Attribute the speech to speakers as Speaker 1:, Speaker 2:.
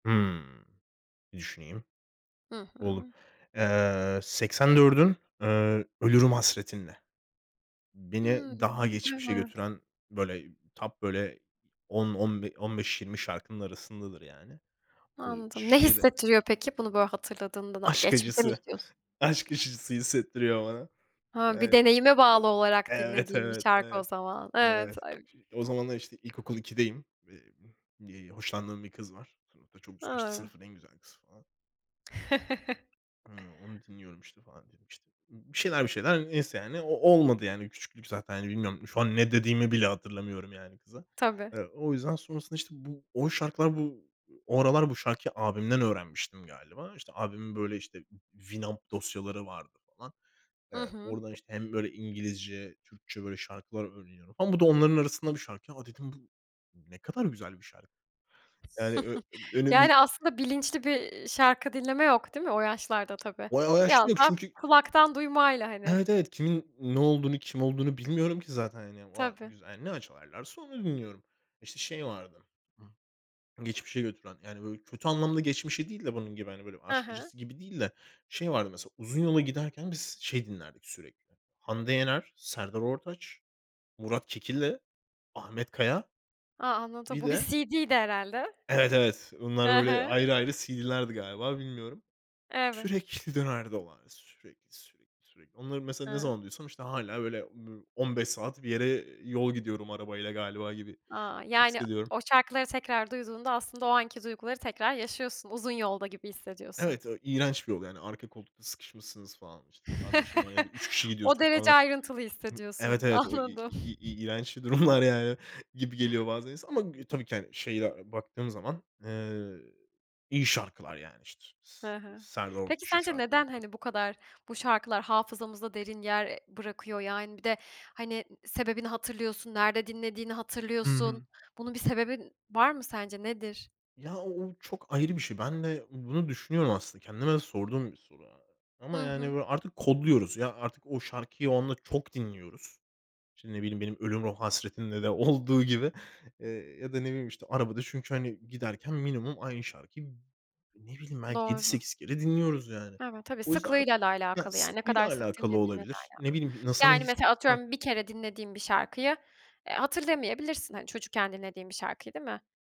Speaker 1: Hımm, bir düşüneyim.
Speaker 2: Hı
Speaker 1: Buldum.
Speaker 2: hı.
Speaker 1: Iıı, Seksendört'ün, ııı, Ölürüm Hasretinle. Beni
Speaker 2: Hımm.
Speaker 1: daha geçmişe
Speaker 2: Evet.
Speaker 1: götüren, böyle, top, böyle, 10 on be on beş, 20 şarkının arasındadır yani. Bu
Speaker 2: Anladım. Ne
Speaker 1: şeyde
Speaker 2: hissettiriyor peki bunu böyle hatırladığında? Daha
Speaker 1: Aşk
Speaker 2: geçmişe mi
Speaker 1: acısı.
Speaker 2: gidiyorsun?
Speaker 1: Aşk acısı hissettiriyor bana.
Speaker 2: He, bir
Speaker 1: Yani
Speaker 2: deneyime
Speaker 1: ev
Speaker 2: bağlı olarak
Speaker 1: evet,
Speaker 2: dinlediğin bir
Speaker 1: evet,
Speaker 2: şarkı o
Speaker 1: evet.
Speaker 2: zaman. Evet.
Speaker 1: Evet. O
Speaker 2: [unintelligible]
Speaker 1: zamanlar, işte, ilkokul 2'deyim. Eee, y eee hoşlandığım bir kız var sınıfta, çok güzel, işte,
Speaker 2: A!
Speaker 1: sınıfın en güzel kızı falan. E Hıı, onu dinliyorum, işte, falan diyelim, işte. Mmm, bir şeyler, bir şeyler. Neyse yani, o olmadı yani küçüklük zaten, hani, bilmiyorum. Şu an ne dediğimi bile hatırlamıyorum yani kıza.
Speaker 2: Tabii.
Speaker 1: Iıı, o yüzden sonrasında, işte, bu o şarkılar bu o aralar bu şarkıyı abimden öğrenmiştim galiba. İşte, abimin böyle, işte, winup dosyaları vardı falan.
Speaker 2: Hı
Speaker 1: Iıı,
Speaker 2: hı.
Speaker 1: oradan, işte, hem, böyle, İngilizce, Türkçe, böyle, şarkılar öğreniyorum falan bu da onların arasında bir şarkı. "Ya" dedim, "Bu ne kadar güzel bir şarkı." Yani ö emm, önemli
Speaker 2: Yani, aslında bilinçli bir, iii, şarkı dinleme yok, değil mi o yaşlarda tabii?
Speaker 1: O o yaşta
Speaker 2: Biraz
Speaker 1: yok
Speaker 2: daha
Speaker 1: çünkü
Speaker 2: kulaktan duymayla, hani.
Speaker 1: Evet, evet. Kimin ne olduğunu, kim olduğunu bilmiyorum ki zaten, hani. Vay
Speaker 2: Tabii.
Speaker 1: güzel, hani, ne açarlarsa onu dinliyorum. İşte, şey vardı; ıh, geçmişe götüren. Yani, böyle, kötü anlamda geçmişe değil de bunun gibi, hani, böyle,
Speaker 2: Hı
Speaker 1: aşk
Speaker 2: hı.
Speaker 1: acısı gibi değil de. Şey vardı mesela, uzun yola giderken biz şey dinlerdik sürekli; Hande Yener, Serdar Ortaç, Murat Kekilli, Ahmet Kaya.
Speaker 2: A, anladım.
Speaker 1: Bir
Speaker 2: Bu bir
Speaker 1: de
Speaker 2: CD'ydi herhâlde.
Speaker 1: Evet, evet. Bunlar
Speaker 2: Hı
Speaker 1: böyle
Speaker 2: hı.
Speaker 1: ayrı ayrı CD'lerdi galiba, bilmiyorum.
Speaker 2: Evet.
Speaker 1: Sürekli dönerdi o ara. Sürekli, sürekli, sürekli. Onları mesela ne zaman
Speaker 2: Hıı.
Speaker 1: duysam, işte, hâlâ, böyle, bir 15 saat bir yere yol gidiyorum arabayla galiba gibi
Speaker 2: A! Yani
Speaker 1: hissediyorum.
Speaker 2: o şarkıları tekrar duyduğunda aslında o anki duyguları tekrar yaşıyorsun. Uzun yolda gibi hissediyorsun.
Speaker 1: Evet, ev İğrenç bir yol yani. Arka koltukta sıkışmışsınız falan, işte. Kardeşin var ya da 3 kişi
Speaker 2: O
Speaker 1: gidiyorsun
Speaker 2: derece
Speaker 1: falan.
Speaker 2: ayrıntılı
Speaker 1: Hı Evet,
Speaker 2: hissediyorsun.
Speaker 1: evet. O i i
Speaker 2: Anladım.
Speaker 1: i i i iğrenç bir durumlar yani gibi geliyor bazen insana ama gü tabii ki, hani, şeyde baktığım zaman, ııı, iyi şarkılar yani. İşte, s
Speaker 2: Hı hı.
Speaker 1: Serdar
Speaker 2: Peki
Speaker 1: Ortaç'ın
Speaker 2: sence
Speaker 1: şarkıları
Speaker 2: neden,
Speaker 1: falan.
Speaker 2: hani, bu kadar bu şarkılar hafızamızda derin yer, eee, bırakıyor? Yani bir de ı hani, sebebini hatırlıyorsun, nerede dinlediğini
Speaker 1: Hı
Speaker 2: hatırlıyorsun.
Speaker 1: hı.
Speaker 2: Bunun bir sebebi var mı sence, nedir?
Speaker 1: Ya, o o çok ayrı bir şey. Ben de bunu düşünüyorum aslında. Kendime de sorduğum bir soru a a ama
Speaker 2: Hı
Speaker 1: yani
Speaker 2: hı.
Speaker 1: böyle artık kodluyoruz. Ya, artık o şarkıyı onunla çok dinliyoruz. İşte, ne bileyim, benim Ölürüm Hasretinle de olduğu gibi. Eee, ya da ne bileyim, işte, arabada çünkü, hani, giderken minimum aynı şarkıyı ne bileyim, belki yedi
Speaker 2: Doğru.
Speaker 1: sekiz kere dinliyoruz yani.
Speaker 2: Evet. Tabii,
Speaker 1: O yüzden ar
Speaker 2: sıklığıyla da
Speaker 1: yani
Speaker 2: alakalı ya. Ne
Speaker 1: sıklığıyla
Speaker 2: kadar sık
Speaker 1: alakalı
Speaker 2: dinlediğinle de
Speaker 1: olabilir. Ne
Speaker 2: alakalı.
Speaker 1: bileyim, sana ne
Speaker 2: Yani
Speaker 1: his
Speaker 2: mesela
Speaker 1: Hah?
Speaker 2: atıyorum 1 kere dinlediğin bir şarkıyı, eee, hatırlamayabilirsin, hani, çocukken dinlediğin bir şarkıyı, değil mi?